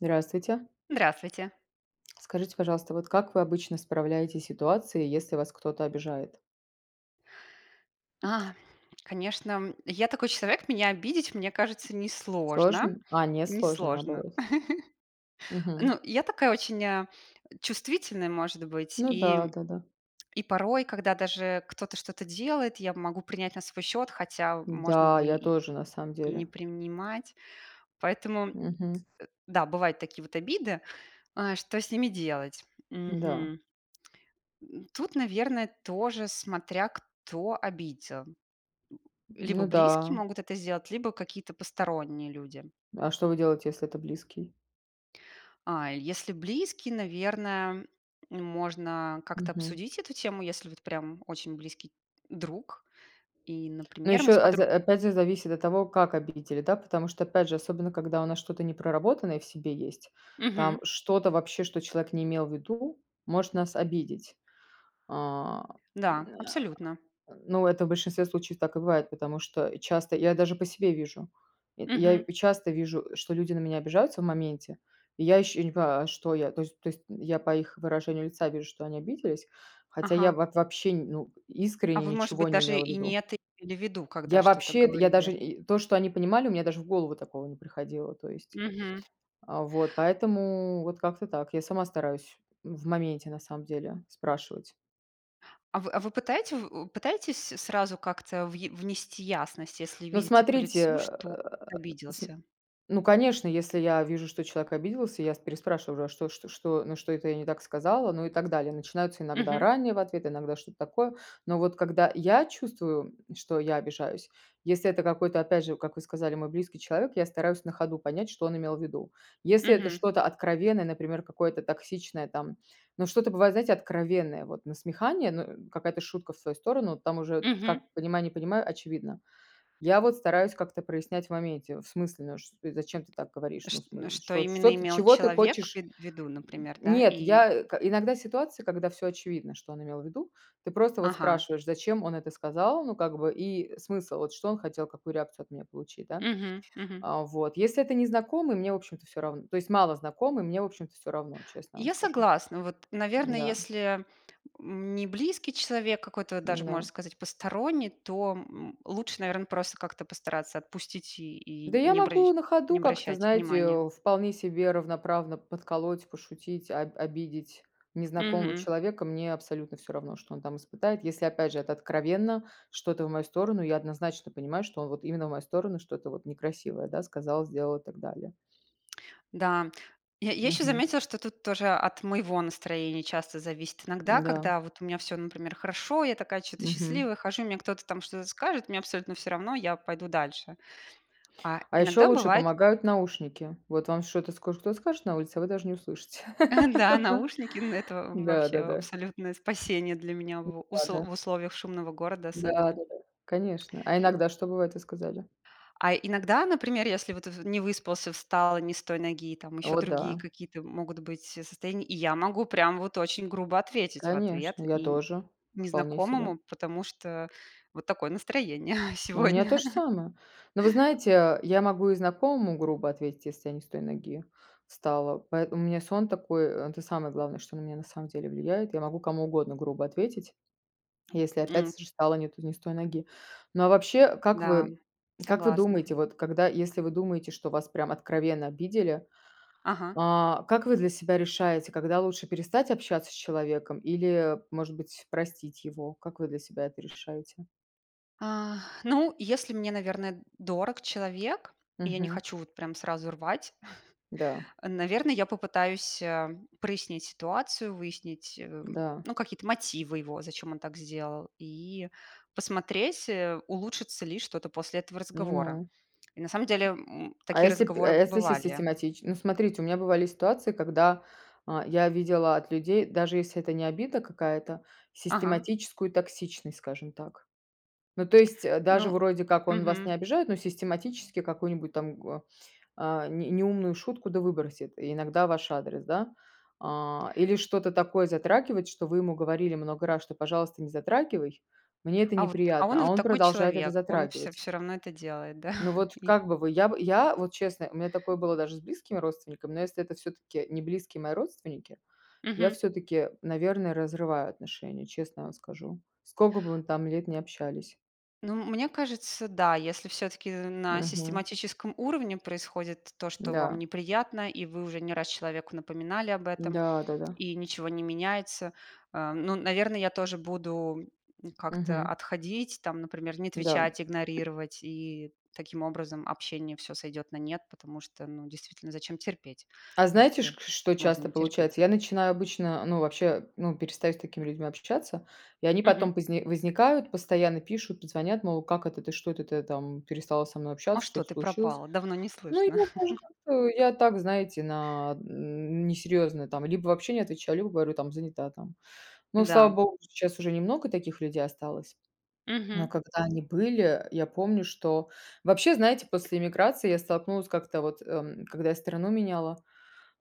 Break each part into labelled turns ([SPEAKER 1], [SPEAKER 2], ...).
[SPEAKER 1] Здравствуйте!
[SPEAKER 2] Здравствуйте!
[SPEAKER 1] Скажите, пожалуйста, вот как вы обычно справляетесь с ситуации, если вас кто-то обижает?
[SPEAKER 2] А. Конечно, я такой человек. Меня обидеть, мне кажется, несложно.
[SPEAKER 1] Сложно? А, не сложно,
[SPEAKER 2] Несложно.
[SPEAKER 1] наоборот. Мгм.
[SPEAKER 2] Ну, я такая очень, э, чувствительная, может быть.
[SPEAKER 1] Ну
[SPEAKER 2] И
[SPEAKER 1] да, да-да.
[SPEAKER 2] и порой, когда даже кто-то что-то делает, я могу принять на свой счёт, хотя, можно
[SPEAKER 1] Да,
[SPEAKER 2] бы
[SPEAKER 1] я
[SPEAKER 2] и
[SPEAKER 1] тоже, на самом
[SPEAKER 2] и не
[SPEAKER 1] деле.
[SPEAKER 2] принимать. Поэтому
[SPEAKER 1] Мгм.
[SPEAKER 2] да, бывают такие вот обиды. Э, что с ними делать?
[SPEAKER 1] Да.
[SPEAKER 2] Мгм. М, тут, наверно, тоже смотря кто обидел. Либо
[SPEAKER 1] Ну
[SPEAKER 2] близкие
[SPEAKER 1] да.
[SPEAKER 2] могут это сделать, либо какие-то посторонние люди.
[SPEAKER 1] А что вы делаете, если это близкий?
[SPEAKER 2] А, если близкие, наверно, можно как-то
[SPEAKER 1] Мгм.
[SPEAKER 2] обсудить эту тему, если вот прям очень близкий друг. И,
[SPEAKER 1] Но
[SPEAKER 2] например, мы
[SPEAKER 1] еще,
[SPEAKER 2] с
[SPEAKER 1] а
[SPEAKER 2] подр
[SPEAKER 1] за опять зе зависит от того, как обидели, да. Потому что, опять же, особенно когда у нас что-то непроработанное в себе есть, там
[SPEAKER 2] Мгм.
[SPEAKER 1] что-то вообще, что человек не имел в виду, может нас обидеть. А. М,
[SPEAKER 2] Да.
[SPEAKER 1] н
[SPEAKER 2] Абсолютно.
[SPEAKER 1] а. Ну, это в большинстве случаев так и бывает, потому что часто я даже по себе вижу. Я я
[SPEAKER 2] Мгм.
[SPEAKER 1] часто вижу, что люди на меня обижаются в моменте. И я ищу, я не понимаю: а что я? То есть то есть я по их выражению лица вижу, что они обиделись, хотя я
[SPEAKER 2] Ага.
[SPEAKER 1] вот вообще, ну,
[SPEAKER 2] А
[SPEAKER 1] искренне
[SPEAKER 2] вы, может
[SPEAKER 1] ничего
[SPEAKER 2] быть,
[SPEAKER 1] не
[SPEAKER 2] даже
[SPEAKER 1] имела в
[SPEAKER 2] и не
[SPEAKER 1] виду.
[SPEAKER 2] это имели в виду, когда
[SPEAKER 1] Я
[SPEAKER 2] что-то
[SPEAKER 1] вообще это, я даже
[SPEAKER 2] говорили?
[SPEAKER 1] и то, что они понимали, у меня даже в голову такого не приходило. То есть,
[SPEAKER 2] Мгм.
[SPEAKER 1] а, вот поэтому вот как-то так я сама стараюсь в моменте, на самом деле, спрашивать.
[SPEAKER 2] А вы а вы пытаете в пытаетесь сразу как-то въе внести ясность, если
[SPEAKER 1] Но
[SPEAKER 2] видите по лицу,
[SPEAKER 1] смотрите.
[SPEAKER 2] что
[SPEAKER 1] См
[SPEAKER 2] обиделся?
[SPEAKER 1] ну конечно, если я вижу, что человек обиделся, я с переспрашиваю, а что что что, на что это я не так сказала? Ну и так далее. Начинаются иногда
[SPEAKER 2] Мгм.
[SPEAKER 1] ранние в ответы, иногда что-то такое. Но вот когда я чувствую, что я обижаюсь, если это какой-то, опять же, как вы сказали, мой близкий человек, я стараюсь на ходу понять, что он имел в виду. Если это
[SPEAKER 2] Мгм.
[SPEAKER 1] что-то откровенное, например, какое-то токсичное там, но что-то бывает, знаете, откровенное, вот насмехание, ну, э, какая-то шутка в свою сторону. Там уже
[SPEAKER 2] Мгм.
[SPEAKER 1] как понимай- не понимай, очевидно. Я вот стараюсь как-то прояснять в моменте: "В смысле, ну, ш Э, зачем ты так говоришь?
[SPEAKER 2] Ш
[SPEAKER 1] Ну, в
[SPEAKER 2] н
[SPEAKER 1] см
[SPEAKER 2] что
[SPEAKER 1] что, что
[SPEAKER 2] именно
[SPEAKER 1] ты
[SPEAKER 2] имел
[SPEAKER 1] чего ты
[SPEAKER 2] человек в
[SPEAKER 1] хочешь?"
[SPEAKER 2] ви в виду,
[SPEAKER 1] М,
[SPEAKER 2] например, да?
[SPEAKER 1] нет,
[SPEAKER 2] И
[SPEAKER 1] я к иногда ситуация, когда всё очевидно, что он имел в виду, ты просто вот
[SPEAKER 2] Ага.
[SPEAKER 1] спрашиваешь: зачем он это сказал, ну, как бы и смысл, вот, что он хотел, какую реакцию от меня получить, да?
[SPEAKER 2] Мгм, мгм.
[SPEAKER 1] А вот если это незнакомый- мне в общем-то всё равно, то есть малознакомый- мне в общем-то всё равно, честно вам
[SPEAKER 2] Я
[SPEAKER 1] скажу.
[SPEAKER 2] согласна. Вот, наверно,
[SPEAKER 1] М-да.
[SPEAKER 2] если, м, не близкий человек, какой-то даже можно
[SPEAKER 1] М-да.
[SPEAKER 2] сказать посторонний, то, м, лучше, наверно, просто как-то постараться отпустить и
[SPEAKER 1] Да,
[SPEAKER 2] и
[SPEAKER 1] я
[SPEAKER 2] не обращ
[SPEAKER 1] могу на
[SPEAKER 2] не
[SPEAKER 1] ходу как-то,
[SPEAKER 2] обращать
[SPEAKER 1] знаете,
[SPEAKER 2] внимание.
[SPEAKER 1] э, вполне себе равноправно подколоть, пошутить, об обидеть незнакомого
[SPEAKER 2] Мгм.
[SPEAKER 1] человека. Мне абсолютно всё равно, что он там испытает. Если, опять же, это откровенно что-то в мою сторону, я однозначно понимаю, что он вот именно в мою сторону что-то вот некрасивое, да, сказал, сделал и так далее.
[SPEAKER 2] Да, я я ещё
[SPEAKER 1] Мгм.
[SPEAKER 2] заметила, что тут тоже от моего настроения часто зависит. Иногда,
[SPEAKER 1] Да.
[SPEAKER 2] когда вот у меня всё, например, хорошо, я такая чё-то
[SPEAKER 1] Мгм.
[SPEAKER 2] счастливая, хожу, мне кто-то там что-то скажет, мне абсолютно всё равно- я пойду дальше. А
[SPEAKER 1] А еще
[SPEAKER 2] иногда
[SPEAKER 1] лучше
[SPEAKER 2] бывает
[SPEAKER 1] помогают наушники. Вот вам что-то скоро кто-то скажет на улице, а вы даже не услышите.
[SPEAKER 2] А, да, наушники, ну это в вообще
[SPEAKER 1] Да-да-да.
[SPEAKER 2] абсолютное спасение для меня, в усл
[SPEAKER 1] Услада.
[SPEAKER 2] в условиях шумного города
[SPEAKER 1] Да,
[SPEAKER 2] особенно.
[SPEAKER 1] да-да, конечно. А иногда что бывает, вы сказали?
[SPEAKER 2] А иногда, например, если вот в не выспался, встал не с той ноги, там ещё
[SPEAKER 1] О
[SPEAKER 2] другие
[SPEAKER 1] да.
[SPEAKER 2] какие-то могут быть состояния, и я могу прямо вот очень грубо ответить в ответ
[SPEAKER 1] Конечно, я
[SPEAKER 2] и н
[SPEAKER 1] тоже. Вполне себе.
[SPEAKER 2] незнакомому, потому что вот такое настроение
[SPEAKER 1] У меня
[SPEAKER 2] сегодня.
[SPEAKER 1] то же самое. Но, вы знаете, я могу и знакомому грубо ответить, если я не с той ноги встала, поэтому у меня сон такой- это самое главное, что на меня на самом деле влияет. Я могу кому угодно грубо ответить, если, опять
[SPEAKER 2] М.
[SPEAKER 1] с же, встала не то не с той ноги. Но, а вообще, как
[SPEAKER 2] Да,
[SPEAKER 1] вы как вы
[SPEAKER 2] согласна.
[SPEAKER 1] думаете, вот, когда, если вы думаете, что вас прям откровенно обидели,
[SPEAKER 2] Ага.
[SPEAKER 1] а, как вы для себя решаете, когда лучше перестать общаться с человеком или, может быть, простить его? Как вы для себя это решаете?
[SPEAKER 2] А. Ну, если мне, наверно, дорог человек, и я не
[SPEAKER 1] Мгм.
[SPEAKER 2] хочу вот прям сразу рвать,
[SPEAKER 1] Да.
[SPEAKER 2] наверно, я попытаюсь, э, прояснить ситуацию, выяснить, э,
[SPEAKER 1] Да.
[SPEAKER 2] ну, какие-то мотивы его, зачем он так сделал, и посмотреть, э, улучшится ли что-то после этого разговора.
[SPEAKER 1] Понимаю.
[SPEAKER 2] И, на самом деле, м,
[SPEAKER 1] А
[SPEAKER 2] такие
[SPEAKER 1] если п а
[SPEAKER 2] разговоры
[SPEAKER 1] если сис
[SPEAKER 2] бывали.
[SPEAKER 1] систематич Ну, смотрите, у меня бывали ситуации, когда, э, я видела от людей, даже если это не обида какая-то,
[SPEAKER 2] Ага.
[SPEAKER 1] систематическую токсичность, скажем так. Ну то есть, э, даже,
[SPEAKER 2] Ну
[SPEAKER 1] вроде как, он вас не
[SPEAKER 2] мгм.
[SPEAKER 1] обижает, но систематически какую-нибудь там гоа а, не неумную шутку да выбросит и иногда в ваш адрес. Да? А, или что-то такое затрагивает, что вы ему говорили много раз, что: "Пожалуйста, не затрагивай- мне это
[SPEAKER 2] А вот, а
[SPEAKER 1] неприятно".
[SPEAKER 2] он
[SPEAKER 1] А
[SPEAKER 2] вот
[SPEAKER 1] он
[SPEAKER 2] такой
[SPEAKER 1] продолжает это
[SPEAKER 2] человек. Он всё
[SPEAKER 1] затрагивать.
[SPEAKER 2] всё равно это делает, да,
[SPEAKER 1] Ну вот
[SPEAKER 2] и
[SPEAKER 1] как бы вы, я б я вот, честно, у меня такое было даже с близкими родственниками, но если это всё-таки не близкие мои родственники, я
[SPEAKER 2] Мгм.
[SPEAKER 1] всё-таки, наверное, разрываю отношения, честно вам скажу. Скока бы мы там лет не общались.
[SPEAKER 2] Ну, мне кажется, да. Если всё-таки на
[SPEAKER 1] Мгм.
[SPEAKER 2] систематическом уровне происходит то, что вам
[SPEAKER 1] Да.
[SPEAKER 2] неприятно, и вы уже не раз человеку напоминали об этом,
[SPEAKER 1] Да, да-да.
[SPEAKER 2] и ничего не меняется,- э, ну, наверно, я тоже буду как-то
[SPEAKER 1] Мгм.
[SPEAKER 2] отходить. Там, например, не
[SPEAKER 1] Да.
[SPEAKER 2] отвечать, игнорировать и, таким образом, общение всё сойдёт на нет, потому что, ну действительно, зачем терпеть,
[SPEAKER 1] А знаете,
[SPEAKER 2] если
[SPEAKER 1] ш что
[SPEAKER 2] можно
[SPEAKER 1] часто
[SPEAKER 2] не терпеть.
[SPEAKER 1] получается? Я начинаю обычно, ну вообще, ну перестаю с такими людьми общаться, и они
[SPEAKER 2] Мгм.
[SPEAKER 1] потом позни возникают, постоянно пишут, позвонят, мол: "Как это, ты что, это ты там перестала со мной
[SPEAKER 2] А
[SPEAKER 1] общаться,
[SPEAKER 2] что
[SPEAKER 1] что-то
[SPEAKER 2] ты
[SPEAKER 1] случилось?"
[SPEAKER 2] пропала? Давно не
[SPEAKER 1] Ну и
[SPEAKER 2] слышно.
[SPEAKER 1] я даже как-то, я так, знаете, на несерьезно там либо вообще не отвечаю, либо говорю там: "Занята там". Но, слава
[SPEAKER 2] Да.
[SPEAKER 1] богу, сейчас уже немного таких людей осталось. Но
[SPEAKER 2] Мгм.
[SPEAKER 1] когда они были, я помню, что Вообще, знаете, после эмиграции я столкнулась как-то вот, эм, когда я страну меняла,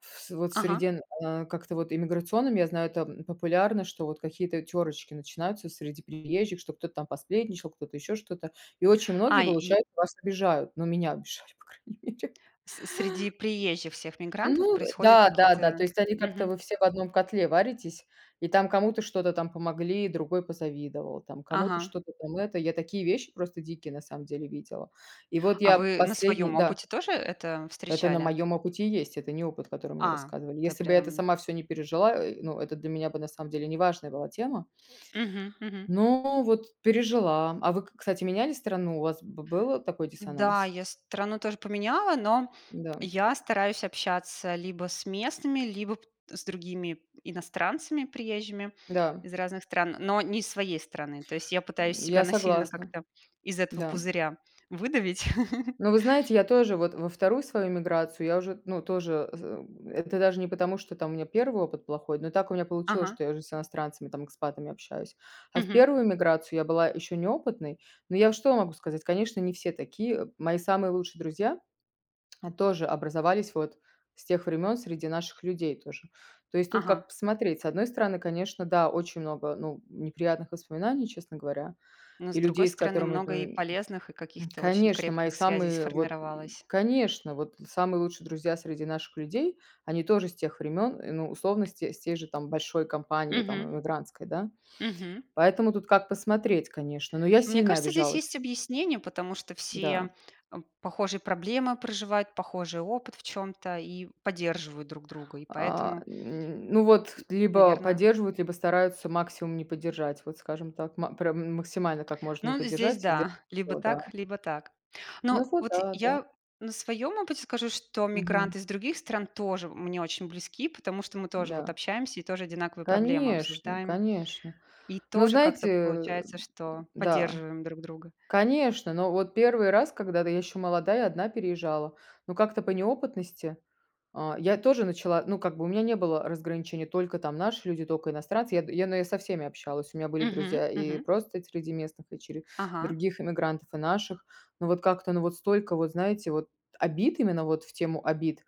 [SPEAKER 1] в с вот в
[SPEAKER 2] Ага.
[SPEAKER 1] среде н а, как это, вот иммиграционном, я знаю, там, популярно, что вот какие-то тёрочки начинаются среди приезжих, что кто-то там посплетничал, кто-то еще что-то. И очень многие,
[SPEAKER 2] А, и
[SPEAKER 1] получаются, вас обижают. Ну, меня обижали, по крайней мере.
[SPEAKER 2] С среди приезжих всех мигрантов
[SPEAKER 1] Ну, э,
[SPEAKER 2] происходят
[SPEAKER 1] да-да-да.
[SPEAKER 2] какие-то
[SPEAKER 1] То есть они как-то,
[SPEAKER 2] Мгм.
[SPEAKER 1] вы все в одном котле варитесь, и там кому-то что-то там помогли- другой позавидовал, там кому-то
[SPEAKER 2] Ага.
[SPEAKER 1] что-то там это Я такие вещи просто дикие, на самом деле, видела. И вот
[SPEAKER 2] А
[SPEAKER 1] я
[SPEAKER 2] вы на
[SPEAKER 1] последний
[SPEAKER 2] своём
[SPEAKER 1] Да.
[SPEAKER 2] опыте тоже это
[SPEAKER 1] Это на
[SPEAKER 2] встречали?
[SPEAKER 1] моём опыте и есть, это не опыт, который мне
[SPEAKER 2] А,
[SPEAKER 1] рассказывали.
[SPEAKER 2] то
[SPEAKER 1] Если бы я это
[SPEAKER 2] прям.
[SPEAKER 1] сама всё не пережила, э, ну, это для меня бы, на самом деле, неважная была тема.
[SPEAKER 2] Мгм, мгм.
[SPEAKER 1] Но вот пережила. А вы, к кстати, меняли страну, у вас б был такой
[SPEAKER 2] Да,
[SPEAKER 1] диссонанс?
[SPEAKER 2] я страну тоже поменяла, но
[SPEAKER 1] Да.
[SPEAKER 2] я стараюсь общаться либо с местными, либо с другими иностранцами, приезжими
[SPEAKER 1] Да.
[SPEAKER 2] из разных стран, но не из своей страны. То есть я пытаюсь
[SPEAKER 1] М,
[SPEAKER 2] себя
[SPEAKER 1] я
[SPEAKER 2] насильно
[SPEAKER 1] согласна.
[SPEAKER 2] как-то из этого
[SPEAKER 1] Да.
[SPEAKER 2] пузыря выдавить.
[SPEAKER 1] Но, вы знаете, я тоже вот во 2 свою миграцию я уже, н ну, тоже, з э, это даже не потому, что там у меня 1 опыт плохой, но так у меня получилось,
[SPEAKER 2] Ага.
[SPEAKER 1] что я уже с иностранцами, там, экспатами, общаюсь. А в
[SPEAKER 2] Мгм.
[SPEAKER 1] 1 миграцию я была ещё неопытной. Но я что могу сказать: конечно, не все такие. Мои самые лучшие друзья тоже образовались вот с тех времён, среди наших людей тоже. То есть тут
[SPEAKER 2] Ага.
[SPEAKER 1] как посмотреть. С одной стороны, конечно, да, очень много, ну, неприятных воспоминаний, честно говоря,
[SPEAKER 2] Но, с
[SPEAKER 1] и
[SPEAKER 2] другой
[SPEAKER 1] людей, с
[SPEAKER 2] стороны,
[SPEAKER 1] которыми,
[SPEAKER 2] много
[SPEAKER 1] ну
[SPEAKER 2] и
[SPEAKER 1] и
[SPEAKER 2] полезных, и
[SPEAKER 1] М,
[SPEAKER 2] каких-то очень
[SPEAKER 1] конечно! Мои
[SPEAKER 2] крепких связей
[SPEAKER 1] самые вот
[SPEAKER 2] сформировалось.
[SPEAKER 1] конечно, вот самые лучшие друзья среди наших людей- они тоже с тех времен, ну, условно, с те с тей же там большой компании, там,
[SPEAKER 2] Мгм.
[SPEAKER 1] эмигрантской, да.
[SPEAKER 2] Мгм.
[SPEAKER 1] Поэтому тут как посмотреть, конечно, но я
[SPEAKER 2] Мне
[SPEAKER 1] сильно
[SPEAKER 2] кажется, здесь
[SPEAKER 1] обижалась.
[SPEAKER 2] есть объяснение, потому что все,
[SPEAKER 1] Да.
[SPEAKER 2] э, похожие проблемы проживают, похожий опыт в чём-то и поддерживают друг друга, и
[SPEAKER 1] А,
[SPEAKER 2] поэтому
[SPEAKER 1] м. Ну, вот
[SPEAKER 2] м
[SPEAKER 1] либо
[SPEAKER 2] наверно.
[SPEAKER 1] поддерживают, либо стараются максимум не поддержать, вот, скажем так. Ма прям м максимально как можно не
[SPEAKER 2] Ну, здесь
[SPEAKER 1] поддержать, сделать
[SPEAKER 2] да, либо
[SPEAKER 1] всё, да.
[SPEAKER 2] так, либо так.
[SPEAKER 1] Ну
[SPEAKER 2] Но
[SPEAKER 1] вот
[SPEAKER 2] вот
[SPEAKER 1] да, да.
[SPEAKER 2] я на своём опыте скажу, что
[SPEAKER 1] Мгм.
[SPEAKER 2] мигранты из других стран тоже мне очень близки, потому что мы тоже вот
[SPEAKER 1] Да.
[SPEAKER 2] общаемся и тоже одинаковые проблемы
[SPEAKER 1] Конечно,
[SPEAKER 2] обсуждаем.
[SPEAKER 1] конечно!
[SPEAKER 2] И
[SPEAKER 1] Ну,
[SPEAKER 2] тоже
[SPEAKER 1] знаете,
[SPEAKER 2] как-то
[SPEAKER 1] э,
[SPEAKER 2] получается, что
[SPEAKER 1] да.
[SPEAKER 2] поддерживаем друг друга.
[SPEAKER 1] Конечно, но вот 1 раз, когда, да, я ещё молодая 1 переезжала, но как-то по неопытности, э, я тоже начала, ну, как бы, у меня не было разграничений: только там наши люди, только иностранцы. Я д я, наверно, со всеми общалась, у меня были
[SPEAKER 2] Мгм,
[SPEAKER 1] друзья и
[SPEAKER 2] мгм.
[SPEAKER 1] просто среди местных, дочери
[SPEAKER 2] Ага.
[SPEAKER 1] других иммигрантов и наших. Но вот как-то, но вот столько вот, знаете, вот, обид именно вот в тему обид,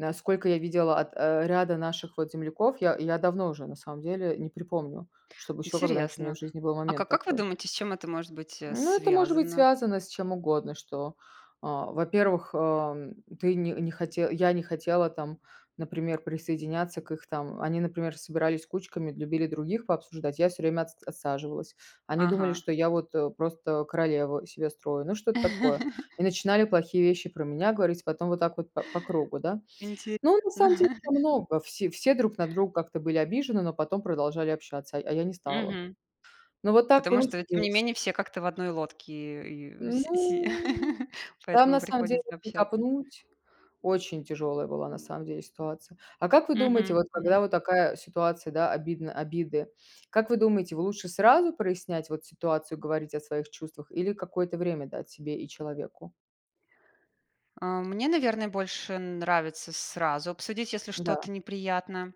[SPEAKER 1] а, сколько я видела от, э, ряда наших вот земляков, я я давно уже, на самом деле, не припомню, чтобы еще когда-нибудь у меня
[SPEAKER 2] Интересно.
[SPEAKER 1] в жизни был
[SPEAKER 2] А
[SPEAKER 1] момент
[SPEAKER 2] как как вы
[SPEAKER 1] такой.
[SPEAKER 2] думаете, с чем это может быть, э,
[SPEAKER 1] Ну, это может быть
[SPEAKER 2] связано?
[SPEAKER 1] связано с чем угодно, что, э, во-первых, эм, ты не не хоте я не хотела там, например, присоединяться к их там. Они, например, собирались кучками, любили других пообсуждать. Я всё время отс отсаживалась. Они думали,
[SPEAKER 2] Ага.
[SPEAKER 1] что я вот, э, просто королеву из себя строю. Ну, что-то такое. И начинали плохие вещи про меня говорить, потом вот так вот па по кругу, да.
[SPEAKER 2] Интересно.
[SPEAKER 1] Но, на самом деле, много все все друг на друга как-то были обижены, но потом продолжали общаться, а а я не стала.
[SPEAKER 2] Мгм.
[SPEAKER 1] Ну вот так
[SPEAKER 2] Потому что, тем не
[SPEAKER 1] получилось.
[SPEAKER 2] менее, все как-то в одной лодке, э, и вс си
[SPEAKER 1] Ну. Там,
[SPEAKER 2] Поэтому
[SPEAKER 1] на самом деле,
[SPEAKER 2] приходится
[SPEAKER 1] если
[SPEAKER 2] общаться.
[SPEAKER 1] копнуть, очень тяжелая была, на самом деле, ситуация. А как вы думаете,
[SPEAKER 2] Мгм,
[SPEAKER 1] вот, когда
[SPEAKER 2] мгм.
[SPEAKER 1] вот такая ситуация, да, обидно обиды, как вы думаете, вы, лучше сразу прояснять вот ситуацию, говорить о своих чувствах или какое-то время дать себе и человеку?
[SPEAKER 2] Э, мне, наверно, больше нравится сразу обсудить, если
[SPEAKER 1] Да.
[SPEAKER 2] что-то неприятно,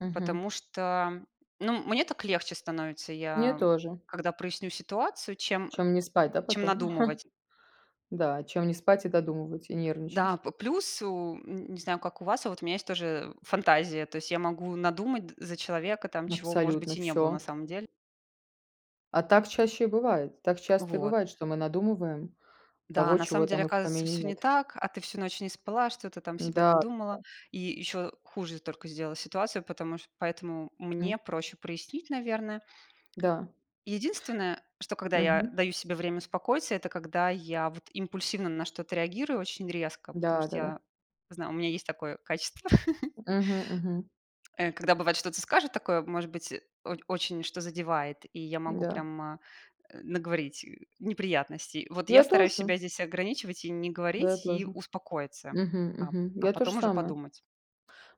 [SPEAKER 1] Мгм.
[SPEAKER 2] потому что, ну, мне так легче становится,
[SPEAKER 1] Мне
[SPEAKER 2] я
[SPEAKER 1] тоже.
[SPEAKER 2] когда проясню ситуацию, чем,
[SPEAKER 1] Чем не спать, да,
[SPEAKER 2] чем
[SPEAKER 1] потом?
[SPEAKER 2] надумывать.
[SPEAKER 1] Да, чем не спать и додумывать, и
[SPEAKER 2] Да.
[SPEAKER 1] нервничать.
[SPEAKER 2] П плюс, у, н не знаю, как у вас, а вот у меня есть тоже фантазия. То есть я могу надумать д за человека, там чего, может
[SPEAKER 1] Абсолютно
[SPEAKER 2] быть, и не было на
[SPEAKER 1] всё.
[SPEAKER 2] самом деле.
[SPEAKER 1] А так чаще и бывает, так часто и
[SPEAKER 2] Вот.
[SPEAKER 1] бывает, что мы надумываем
[SPEAKER 2] Да,
[SPEAKER 1] того,
[SPEAKER 2] на
[SPEAKER 1] чего
[SPEAKER 2] самом деле,
[SPEAKER 1] там и в
[SPEAKER 2] оказывается,
[SPEAKER 1] помине
[SPEAKER 2] всё не
[SPEAKER 1] нет.
[SPEAKER 2] так, а ты всю ночь не спала, что-то там себе
[SPEAKER 1] Да,
[SPEAKER 2] надумала.
[SPEAKER 1] да.
[SPEAKER 2] И ещё хуже только сделала ситуацию, потому ш поэтому
[SPEAKER 1] Мгм.
[SPEAKER 2] мне проще прояснить, наверно.
[SPEAKER 1] Да.
[SPEAKER 2] Единственное, что когда я
[SPEAKER 1] Мгм.
[SPEAKER 2] даю себе время успокоиться- это когда я, вот, импульсивно на что-то реагирую очень резко, потому
[SPEAKER 1] Да,
[SPEAKER 2] что
[SPEAKER 1] да-да.
[SPEAKER 2] я знаю, у меня есть такое качество.
[SPEAKER 1] Мгм, мгм.
[SPEAKER 2] Э. Когда, бывает, что-то скажет такое, может быть, о очень что-то задевает, и я могу
[SPEAKER 1] Да.
[SPEAKER 2] прямо, э, наговорить неприятностей. Вот, я
[SPEAKER 1] Я
[SPEAKER 2] стараюсь
[SPEAKER 1] тоже.
[SPEAKER 2] себя здесь ограничивать и не
[SPEAKER 1] Я
[SPEAKER 2] говорить, и
[SPEAKER 1] тоже.
[SPEAKER 2] успокоиться,
[SPEAKER 1] Мгм,
[SPEAKER 2] а
[SPEAKER 1] мгм.
[SPEAKER 2] а
[SPEAKER 1] Я тоже
[SPEAKER 2] потом уже
[SPEAKER 1] самое.
[SPEAKER 2] подумать.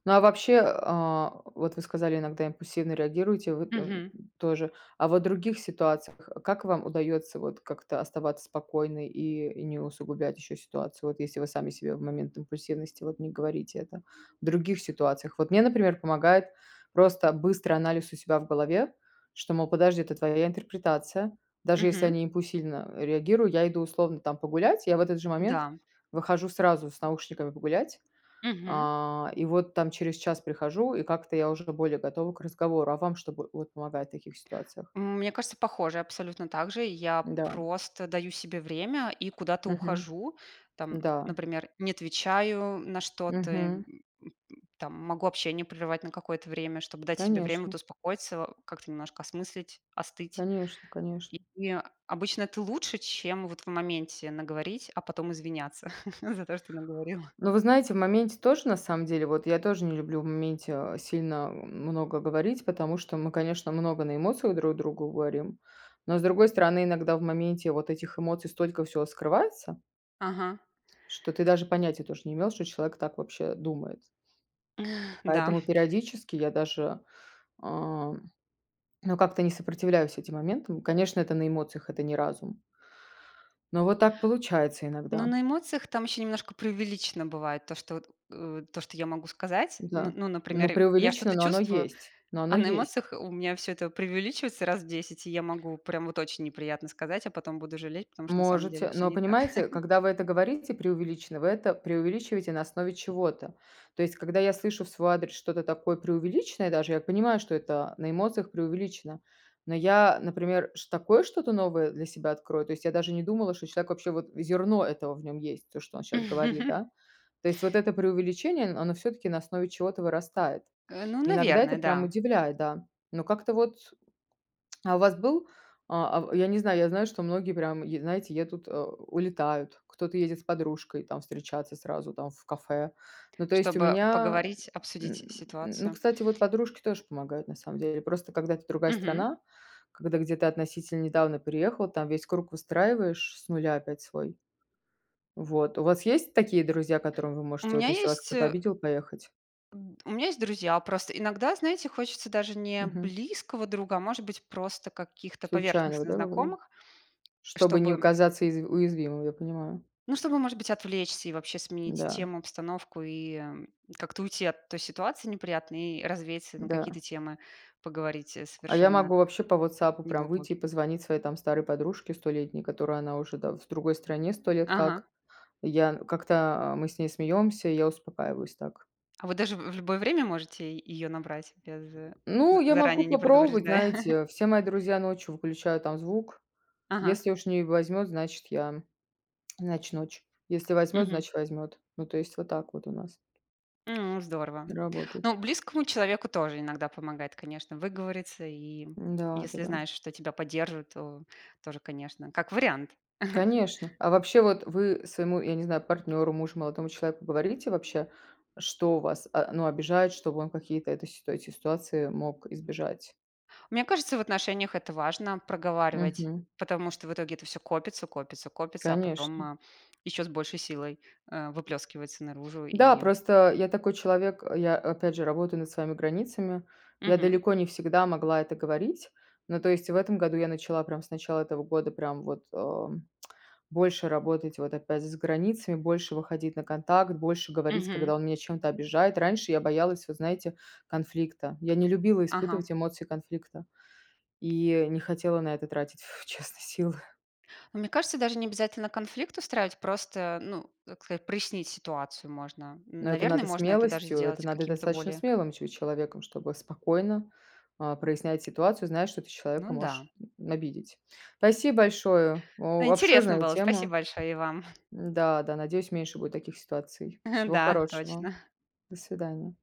[SPEAKER 1] Ну, а вообще, а, вот вы сказали, иногда импульсивно реагируете, вы, эм,
[SPEAKER 2] Мгм.
[SPEAKER 1] тоже. А вот в других ситуациях как вам удается вот как-то оставаться спокойной и и не усугублять еще ситуацию, вот если вы сами себе в момент импульсивности вот не говорите это, в других ситуациях? Вот мне, например, помогает просто быстрый анализ у себя в голове, что, мол: "Подожди, это твоя интерпретация". Даже если
[SPEAKER 2] Мгм.
[SPEAKER 1] они импульсивно реагирую, я иду, условно там, погулять. Я в этот же момент
[SPEAKER 2] Да.
[SPEAKER 1] выхожу сразу с наушниками погулять,
[SPEAKER 2] Мгм.
[SPEAKER 1] а, и вот там через час прихожу, и как-то я уже более готова к разговору. А вам что бы вот помогает в таких ситуациях?
[SPEAKER 2] Мне кажется, похоже, абсолютно так же. Я
[SPEAKER 1] Да.
[SPEAKER 2] просто даю себе время и куда-то
[SPEAKER 1] Мгм.
[SPEAKER 2] ухожу. Там,
[SPEAKER 1] Да.
[SPEAKER 2] например, не отвечаю на что-то, м м
[SPEAKER 1] Мгм.
[SPEAKER 2] м, там могу общение прервать на какое-то время, чтобы дать себе время вот
[SPEAKER 1] Конечно.
[SPEAKER 2] успокоиться, как-то немножко осмыслить, остыть.
[SPEAKER 1] Конечно,
[SPEAKER 2] И
[SPEAKER 1] конечно.
[SPEAKER 2] и обычно это лучше, чем вот в моменте наговорить, а потом извиняться за то, что наговорила.
[SPEAKER 1] Но вы знаете, в моменте тоже, на самом деле. Вот я тоже не люблю в моменте, а, сильно много говорить, потому что мы, конечно, много на эмоциях друг другу говорим. Но, с другой стороны, иногда в моменте вот этих эмоций столько всего скрывается
[SPEAKER 2] Ага.
[SPEAKER 1] что ты даже понятия тоже не имел, что человек так вообще думает.
[SPEAKER 2] Да.
[SPEAKER 1] Поэтому, периодически, я даже, э, ну, как-то не сопротивляюсь этим моментам. Конечно, это на эмоциях, это не разум. Но вот так получается
[SPEAKER 2] Ну,
[SPEAKER 1] иногда.
[SPEAKER 2] на эмоциях там ещё немножко преувеличено бывает, то, что вот, э, то, что я могу сказать. Н
[SPEAKER 1] Да,
[SPEAKER 2] ну,
[SPEAKER 1] ну,
[SPEAKER 2] например, я
[SPEAKER 1] преувеличено,
[SPEAKER 2] что-то
[SPEAKER 1] но оно
[SPEAKER 2] чувствую,
[SPEAKER 1] есть, но оно
[SPEAKER 2] а на
[SPEAKER 1] есть.
[SPEAKER 2] эмоциях у меня всё это преувеличивается раз в 10, и я могу прям вот очень неприятно сказать, а потом буду жалеть, потому что на самом деле
[SPEAKER 1] Можете.
[SPEAKER 2] всё
[SPEAKER 1] Но
[SPEAKER 2] не так.
[SPEAKER 1] понимаете, когда вы это говорите, преувеличено, вы это преувеличиваете на основе чего-то. То есть, когда я слышу в свой адрес что-то такое преувеличенное, даже я понимаю, что это на эмоциях преувеличено, но я, например, ш такое что-то новое для себя открою, то есть я даже не думала, что человек вообще, вот, зерно этого в нем есть, то, что он щас говорит, да. То есть вот это преувеличение, оно всё-таки на основе чего-то вырастает.
[SPEAKER 2] Э, ну,
[SPEAKER 1] Иногда это
[SPEAKER 2] наверное,
[SPEAKER 1] прям
[SPEAKER 2] да.
[SPEAKER 1] удивляет, да. Но как-то вот. А у вас был, а а в я не знаю, я знаю, что многие прям, е знаете, едут, у улетают, кто-то едет с подружкой там встречаться сразу там в кафе. Ну, то есть у
[SPEAKER 2] Чтобы
[SPEAKER 1] меня,
[SPEAKER 2] поговорить,
[SPEAKER 1] м
[SPEAKER 2] обсудить
[SPEAKER 1] м, ну,
[SPEAKER 2] ситуацию.
[SPEAKER 1] кстати, вот подружки тоже помогают, на самом деле. Просто, когда это другая
[SPEAKER 2] Мгм.
[SPEAKER 1] страна, когда где ты относительно недавно переехал, там весь круг выстраиваешь с нуля опять свой. Вот. У вас есть такие друзья, к которым вы
[SPEAKER 2] У
[SPEAKER 1] можете, вот
[SPEAKER 2] меня
[SPEAKER 1] если вас
[SPEAKER 2] есть,
[SPEAKER 1] кто-то
[SPEAKER 2] э
[SPEAKER 1] обидел, поехать?
[SPEAKER 2] м, д у меня есть друзья. Просто иногда, знаете, хочется даже не
[SPEAKER 1] Мгм.
[SPEAKER 2] близкого друга, а, может быть, просто каких-то
[SPEAKER 1] Случайно вот,
[SPEAKER 2] поверхностных
[SPEAKER 1] да,, [unintelligible]
[SPEAKER 2] знакомых,
[SPEAKER 1] чтобы не у
[SPEAKER 2] чтобы
[SPEAKER 1] казаться из уязвимым, я понимаю.
[SPEAKER 2] Ну, чтобы, может быть, отвлечься и вообще сменить
[SPEAKER 1] Да.
[SPEAKER 2] тему, обстановку и как-то уйти от той ситуации неприятной, и развеяться на какие-то
[SPEAKER 1] Да.
[SPEAKER 2] темы, поговорить, э,
[SPEAKER 1] А я
[SPEAKER 2] совершенно
[SPEAKER 1] могу вообще по "Вотсапу" прям выйти и
[SPEAKER 2] неглубокие.
[SPEAKER 1] позвонить своей, там, старой подружке столетней, которую она уже, да, в другой стране 100 лет
[SPEAKER 2] Ага.
[SPEAKER 1] как. Я как-то мы с ней смеемся, и я успокаиваюсь так.
[SPEAKER 2] А вы, даже, в в любое время можете е её набрать, без з
[SPEAKER 1] Ну я могу
[SPEAKER 2] заранее не
[SPEAKER 1] попробовать,
[SPEAKER 2] предупреждая?
[SPEAKER 1] знаете, все мои друзья ночью выключают там звук.
[SPEAKER 2] Ага.
[SPEAKER 1] Если уж не возьмет, значит, я, значит, ночь. Если возьмет,
[SPEAKER 2] Мгм.
[SPEAKER 1] значит, возьмет. Ну, то есть вот так вот у нас
[SPEAKER 2] М, здорово!
[SPEAKER 1] и работает.
[SPEAKER 2] Ну, близкому человеку тоже иногда помогает, конечно, выговориться. И
[SPEAKER 1] Да,
[SPEAKER 2] если
[SPEAKER 1] да-да.
[SPEAKER 2] знаешь, что тебя поддержат, то тоже, конечно, как вариант.
[SPEAKER 1] Конечно. А вообще, вот вы своему, я не знаю, партнеру, мужу, молодому человеку, говорите вообще, что вас, а, ну, обижает, чтобы он какие-то это сит эти ситуации мог избежать?
[SPEAKER 2] Мне кажется, в отношениях это важно проговаривать,
[SPEAKER 1] Мгм.
[SPEAKER 2] потому что в итоге это всё копится, копится, копится, а потом,
[SPEAKER 1] Конечно.
[SPEAKER 2] а, еще с большей силой, э, выплескивается наружу,
[SPEAKER 1] Да,
[SPEAKER 2] и
[SPEAKER 1] просто я такой человек, я, опять же, работаю над своими границами. Я
[SPEAKER 2] Мгм.
[SPEAKER 1] далеко не всегда могла это говорить. Но, то есть, в этом году я начала прям с начала этого года, прям вот, эм, больше работать вот опять с границами, больше выходить на контакт, больше говорить,
[SPEAKER 2] Мгм.
[SPEAKER 1] когда он меня чем-то обижает. Раньше я боялась, вот, знаете, конфликта. Я не любила
[SPEAKER 2] Ага.
[SPEAKER 1] испытывать эмоции конфликта и не хотела на это тратить, честно, силы.
[SPEAKER 2] Ну, мне кажется, даже не обязательно конфликт устраивать, просто, ну, как сказать, прояснить ситуацию можно. Н
[SPEAKER 1] Ну, это
[SPEAKER 2] наверно,
[SPEAKER 1] надо
[SPEAKER 2] можно это даже
[SPEAKER 1] смелостью, это
[SPEAKER 2] сделать
[SPEAKER 1] надо
[SPEAKER 2] каким-то
[SPEAKER 1] достаточно
[SPEAKER 2] более
[SPEAKER 1] смелым че человеком, чтобы спокойно, а, прояснять ситуацию, зная, что ты человека
[SPEAKER 2] Ну да.
[SPEAKER 1] можешь, м, обидеть. Спасибо большое!
[SPEAKER 2] Ну,
[SPEAKER 1] О
[SPEAKER 2] интересно
[SPEAKER 1] обширная
[SPEAKER 2] было! Спасибо
[SPEAKER 1] тема.
[SPEAKER 2] большое и вам!
[SPEAKER 1] М, да, да, надеюсь, меньше будет таких ситуаций. Всего
[SPEAKER 2] Да,
[SPEAKER 1] хорошего!
[SPEAKER 2] точно!
[SPEAKER 1] До свидания.